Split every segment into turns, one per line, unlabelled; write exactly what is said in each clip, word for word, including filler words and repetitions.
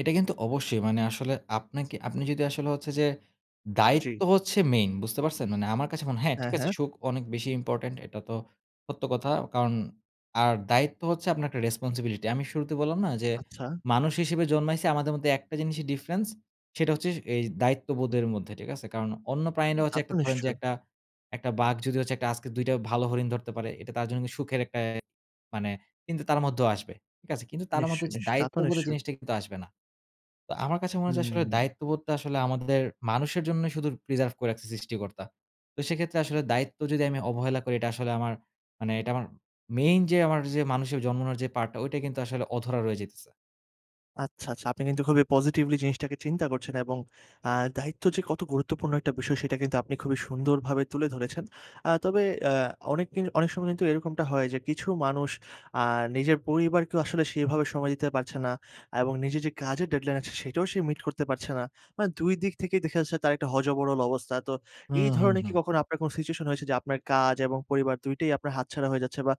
এটা কিন্তু অবশ্যই মানে আসলে আপনাকে, আপনি যদি আসলে হচ্ছে যে দায়িত্ব
জি।
হচ্ছে মেইন বুঝতে পারছেন? মানে আমার কাছে মনে হ্যাঁ,
হ্যাঁ,
ঠিক আছে
হ্যাঁ।
সুখ অনেক বেশি ইম্পোর্টেন্ট এটা তো সত্য কথা। কারণ আর দায়িত্ব হচ্ছে আপনার একটা রেসপনসিবিলিটি। আমি শুরুতে বললাম না যে
আচ্ছা।
মানুষ হিসেবে জন্মাইছি আমাদের মধ্যে একটা জিনিসই ডিফরেন্স সেটা হচ্ছে স এই দায়িত্ববোধের মধ্যে, ঠিক আছে? কারণ অন্য
উম
প্রাণীরা
তা
হচ্ছে
তো
একটা ধরেন যে
নিশ্চয়ই!
একটা, একটা বাঘ যদি হচ্ছে একটা আজকে দুই টা ভালো হরিণ ধরতে পারে এটা তার জন্য কি সুখের একটা অ্যা মানে কিন্তু তার মধ্যেও আসবে। ঠিক আছে? কিন্তু তার মত
নিশ্চয়,
এইযে
নিশ্চয় তা তো
দায়িত্ববোধের
নিশ্চয়ই।
জিনিসটা কিন্তু আসবে না। তো আমার কাছে মনে হয় যে আসলে
হুম।
দায়িত্ববোধটা আসলে আমাদের মানুষের জন্যই শুধু প্রিজার্ভ করে রাখছে সৃষ্টিকর্তা। তো সেক্ষেত্রে আসলে দায়িত্ব যদি আমি অবহেলা করি এটা আসলে আমার মানে এটা আমার মেইন যে আমার যে মানুষের জন্মানোর যে পার্টটা ঐটা কিন্তু আসলে অধরা রয়ে যাইতেছে।
আচ্ছা, আচ্ছা আপনি কিন্তু খুবই পজিটিভলি জিনিসটাকে চিন্তা করছেন এবং আ দায়িত্ব যে কত গুরুত্বপূর্ণ একটা বিষয় সেটা কিন্তু আপনি খুবই সুন্দরভাবে তুলে ধরেছেন। আ তবে অ্যা অনেক কিন অনেক সময় কিন্তু এরকমটা হয় যে কিছু মানুষ আ নিজের পরিবারকেও আসলে সেভাবে সময় দিতে পারছে না এবং নিজের যে কাজের ডেডলাইন আছে সেটাও সে মিট করতে পারছে না। মানে দুই দিক থেকেই দেখা যাচ্ছে তার একটা হ-য-ব-র-ল অবস্থা। তো
হুম,
এই
হুম
ধরনের কি
হুম।
কখনো আপনার কোন সিচুয়েশন হয়েছে যে আপনার কাজ এবং পরিবার দুই টাই আপনার হাতছাড়া হয়ে যাচ্ছে বা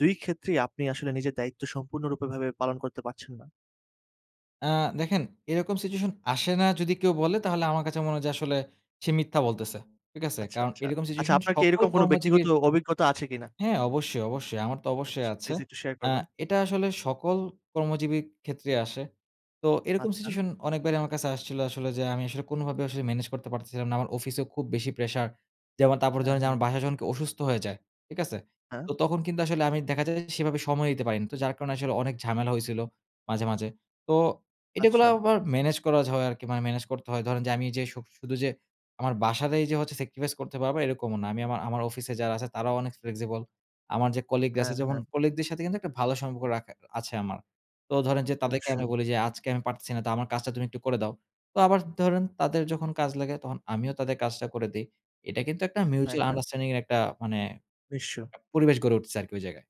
দুই ক্ষেত্রেই আপনি আসলে নিজের দায়িত্ব সম্পূর্ণরূপে ভাবে পালন করতে পারছেন না?
আ দেখেন এরকম সিচুয়েশন আসে না যদি কেউ বলে তাহলে আমার কাছে মনে হয় যে আসলে সে মিথ্যা বলতেছে। ঠিক আছে?
আচ্ছা,
কারণ
আচ্ছা।
এরকম
আচ্ছা
সিচুয়েশন
আপনার কি
সকল
এরকম কোন ব্যক্তিগত
কর্মজীবীর
অভিজ্ঞতা আছে কিনা?
হ্যাঁ অবশ্যই, অবশ্যই। আমার তো
আচ্ছা
অবশ্যই
ছ
আছে।
প্লিজ একটু শেয়ার
আ
করবেন।
এটা আসলে সকল কর্মজীবী ক্ষেত্রেই আসে। তো এরকম
আচ্ছা।
সিচুয়েশন অনেকবারই আমার কাছে আসছিল আসলে যে, আমি আসলে কোনভাবেই আসলে মেনেজ করতে পারতেছিলাম না আমার অফিসেও খুব বেশি প্রেশার। যেমন তারপর
হ্যাঁ,
ধরেন যে
হ্যাঁ।
আমার বাসায় যখন কেউ অসুস্থ হয়ে যায়। ঠিক আছে?
হ্যাঁ?
তো তখন কিন্তু আসলে আমি দেখা যায় যে সেভাবে সময় দিতে পারি না। তো যার কারণে আসলে অনেক ঝামেলা হইছিল মাঝে, মাঝে। তো এটা গুলাও
আচ্ছা।
আবার মেনেজ করাজ হয় আরকি মানে মেনেজ করতে হয়। ধরেন যে আমি এইযে সুব শুধু যে আমার বাসাতেই যে হচ্ছে সেক্রিফাইস করতে পারবো এরকমও না। আমি আমার আমার অফিসে যারা আছে তারাও অনেক Flexible আমার যে কলিগরা
হ্যাঁ,
আছে যেমন
হ্যাঁ।
কলিগদের সাথে কিন্তু একটা ভালো সম্পর্ক রাখা আছে আমার। তো ধরেন যে তাদেরকে আমি
অবশ্যই।
বলি যে, "আজকে আমি পারতেছি না তো আমার কাজটা তুমি একটু করে দাও।" তো আবার ধরেন তাদের যখন কাজ লাগে তখন আমিও তাদের কাজটা করে দেই। এটা কিন্তু একটা
হ্যাঁ,
মিউচুয়াল
হ্যাঁ।
আন্ডারস্ট্যান্ডিং এর একটা মানে
নিঃস্ব।
পরিবেশ গড়ে উঠছে আরকি ঐ জায়গায়।